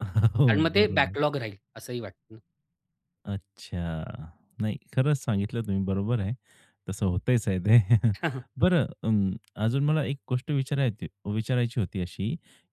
आणि हो, मग ते बरोबर. बॅकलॉग राहील असंही वाटतं ना. अच्छा. नाही खरंच सांगितलं तुम्ही. बरोबर आहे. तसं होतच आहे ते. बरं अं अजून मला एक गोष्ट विचारायची विचारायची होती अशी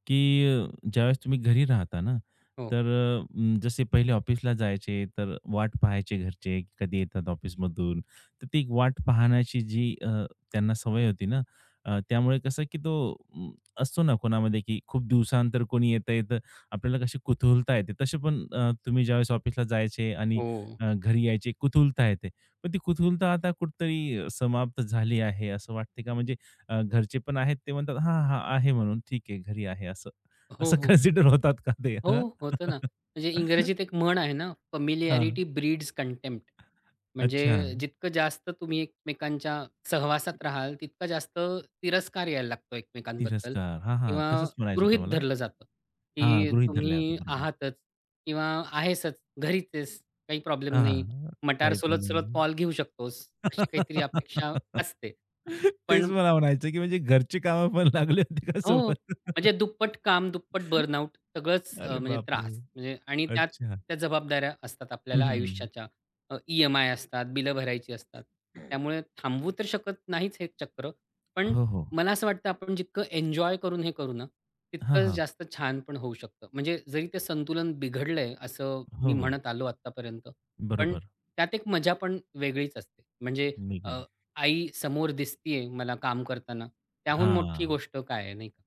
की अ, ज्यावेळेस तुम्ही घरी राहता ना, हो. तर अ, अं जसे पहिले ऑफिसला जायचे, तर वाट पहायचे घरचे की कधी येतात ऑफिसमधून? तर ती एक वाट पाहण्याची जी अ, त्यांना सवय होती ना, अ, त्यामुळे कसं की तो अं, असतो ना कोणामध्ये की खूप दिवसानंतर कोणी येतंय, तर आपल्याला कशी कुतूहलता येते. तशी पण अ, तुम्ही ज्यावेळेस ऑफिसला जायचे आणि हो. अ, घरी यायचे कुतूहलता येते. पण ती कुतूहलता आता कुठेतरी समाप्त झाली आहे असं वाटते का? म्हणजे अ, घरचे पण आहेत ते म्हणतात, "हां, हां,"आहे म्हणून. "ठीक आहे, घरी आहे" असं, हो, असं हो. कान्सिडर होतात का ते? हो, हां. होतं ना. म्हणजे इंग्रजीत एक म्हण आहे ना हां. "Familiarity breeds contempt." अच्छा. म्हणजे जितकं जास्त तुम्ही एकमेकांच्या सहवासात राहाल, तितकं जास्त तिरस्कार यायला लागतो एकमेकांबद्दल तिरस्कार, हां, हां, किंवा तसंच म्हणायचं होतं गृहीत मला. धरलं जातं, हां, की गृहीत धरल्या जातो. तुम्ही बरोबर. आहातच किंवा आहेसच घरीच आहेस. काही प्रॉब्लेम हां, नाही. हां, मटार काही प्रॉब्लेम सोलत-सोलत नाही. कॉल घेऊ शकतोस अशी काहीतरी अपेक्षा असते. तेच पण मला म्हणायचंय की म्हणजे घरची कामं पण लागली होती का हो. सोबत? म्हणजे दुप्पट काम. दुप्पट बर्नआउट. सगळंच अ, अरे, म्हणजे बापरे! त्रास म्हणजे. आणि त्यात अच्छा. त्या जबाबदाऱ्या असतात हं, हं, आपल्याला हं, हं. आयुष्याच्या. अ, ई-एम-आय असतात, बिलं भरायची असतात. त्यामुळे थांबवू तर शकत नाहीच हे चक्र. पण हो, हो. मला असं वाटतं आपण जितकं एन्जॉय करून, हे करू ना, हां, तितकंच हां. जास्त छान पण होऊ शकतं. म्हणजे जरी ते संतुलन बिघडलंय असं हो, मी हो. म्हणत आलो आत्तापर्यंत. पण बरोबर. त्यात एक मजा पण वेगळीच असते. म्हणजे अ, [unintelligible] आई समोर दिसतीये मला काम करताना, त्याहून मोठी हां. गोष्ट काय आहे, नाही का.